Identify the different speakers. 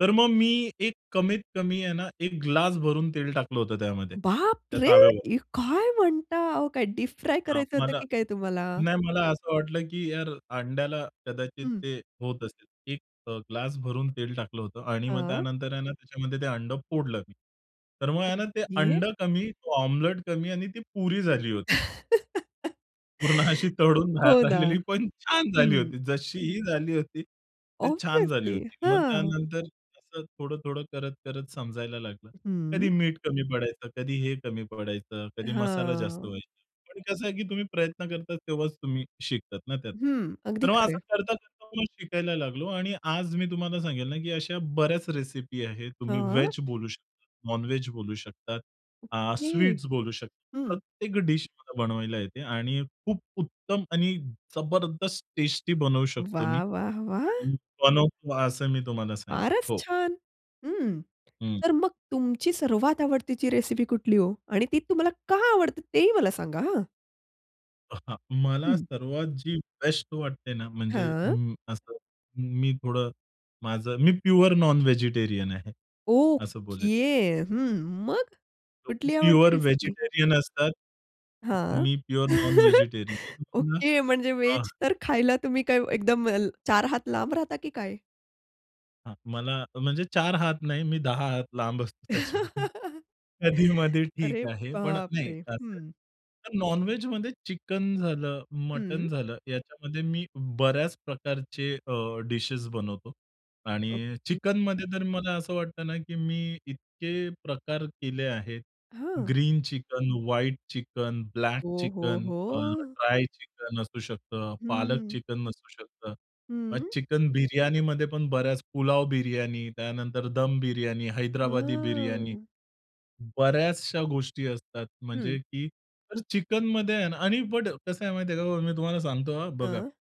Speaker 1: तर मग मी एक कमीत कमी आहे ना, 1 ग्लास भरून तेल टाकलं होतं त्यामध्ये
Speaker 2: बाप
Speaker 1: त्या
Speaker 2: रे!
Speaker 1: ताव्यावर.
Speaker 2: ए काय म्हणता? अहो काय डिपफ्राय
Speaker 1: हां
Speaker 2: करायचं होतं
Speaker 1: मला
Speaker 2: की काय तुम्हाला?
Speaker 1: नाही मला असं वाटलं की यार अंड्याला कदाचित
Speaker 2: हं.
Speaker 1: ते होत असेल. एक अ, ग्लास भरून तेल टाकलं होतं आणि मग
Speaker 2: हां.
Speaker 1: त्यानंतर आहे ना, त्याच्यामध्ये ते अंडं फोडलं मी. तर मग आहे ना, ते
Speaker 2: ओके.
Speaker 1: अंडं कमी, तो ओमलेट कमी आणि ती पुरी झाली होती. पूर्ण अशी तळून
Speaker 2: हो
Speaker 1: बाहेर
Speaker 2: ना.
Speaker 1: आलेली पण छान झाली
Speaker 2: हं.
Speaker 1: होती. जशी ही झाली होती ते छान झाली
Speaker 2: ऑब्वियसली
Speaker 1: होती. मग
Speaker 2: हां.
Speaker 1: त्यानंतर असं थोडं-थोडं, करत-करत समजायला लागलं.
Speaker 2: हं.
Speaker 1: कधी मीठ कमी पडायचा, कधी हे कमी पडायचं, कधी मसाला जास्त
Speaker 2: हां.
Speaker 1: व्हायचा. पण कसं आहे की तुम्ही प्रयत्न करता तेव्हाच तुम्ही शिकतात ना, त्यात.
Speaker 2: हं, अगदी
Speaker 1: तर मग
Speaker 2: खरं
Speaker 1: असं
Speaker 2: आहे.
Speaker 1: करता-करता मग शिकायला लागलो आणि आज मी तुम्हाला सांगेल ना, की अशा बऱ्याच रेसिपी आहे. तुम्ही
Speaker 2: हां.
Speaker 1: व्हेज बोलू शकता नॉन-व्हेज बोलू शकतात. अ,
Speaker 2: ओके
Speaker 1: स्वीट्स बोलू शकतो.
Speaker 2: हं.
Speaker 1: प्रत्येक डिश मला बनवायला येते आणि खूप उत्तम आणि जबरदस्त टेस्टी बनवू शकतो मी
Speaker 2: वाह, वाह, वाह!
Speaker 1: आणि बनवतो असं मी तुम्हाला सांगेल.
Speaker 2: फारच
Speaker 1: हो.
Speaker 2: छान, हं
Speaker 1: हं.
Speaker 2: तर मग तुमची सर्वात आवडतेची रेसिपी कुठली ओ, आणि ती तुम्हाला का आवडते ते ही मला सांगा हां.
Speaker 1: अ, हां मला
Speaker 2: हं.
Speaker 1: सर्वात जी बेस्ट वाटते ना, म्हणजे
Speaker 2: हां.
Speaker 1: हं असं हं, मी थोडं माझं मी प्युअर नॉन-व्हेजिटेरियन आहे असं
Speaker 2: ओके
Speaker 1: बोलेन.
Speaker 2: हं मग कुठली आवडते
Speaker 1: प्युअर
Speaker 2: रेसिपी?
Speaker 1: व्हेजिटेरियन असतात.
Speaker 2: हां.
Speaker 1: मी प्युअर नॉन-व्हेजिटेरियन आहे. [unintelligible]
Speaker 2: ओके म्हणजे
Speaker 1: हां.
Speaker 2: व्हेज तर खायला तुम्ही काय एकदम चार हात लांब राहता की काय?
Speaker 1: हां, मला म्हणजे चार हात नाही, मी दहा हात लांब असतो त्याच्याकडून. कधी-मधी ठीक
Speaker 2: अरे
Speaker 1: आहे पण नाही
Speaker 2: बापरे!
Speaker 1: [unintelligible]
Speaker 2: हं.
Speaker 1: तर नॉन-व्हेजमध्ये चिकन झालं, मटण
Speaker 2: हं.
Speaker 1: झालं याच्यामध्ये मी बऱ्याच प्रकारचे अ, डिशेस बनवतो आणि
Speaker 2: ओके.
Speaker 1: चिकनमध्ये तर मला असं वाटतं ना, की मी इतके प्रकार केले आहेत
Speaker 2: हां.
Speaker 1: Green chicken, white chicken, black
Speaker 2: हो, हो,
Speaker 1: चिकन अ,
Speaker 2: हो.
Speaker 1: ड्राय चिकन असू शकतं, पालक
Speaker 2: हं.
Speaker 1: चिकन असू शकतं. मग
Speaker 2: हं.
Speaker 1: चिकन बिर्याणीमध्ये पण बऱ्याच पुलाव बिर्याणी, त्यानंतर दम बिर्याणी, हैदराबादी बिर्याणी.
Speaker 2: हां.
Speaker 1: बऱ्याचशा गोष्टी असतात म्हणजे
Speaker 2: हं.
Speaker 1: की तर चिकनमध्ये आणि बट कसं आहे माहिती आहे का मी तुम्हाला सांगतो हां, बघा.
Speaker 2: हां.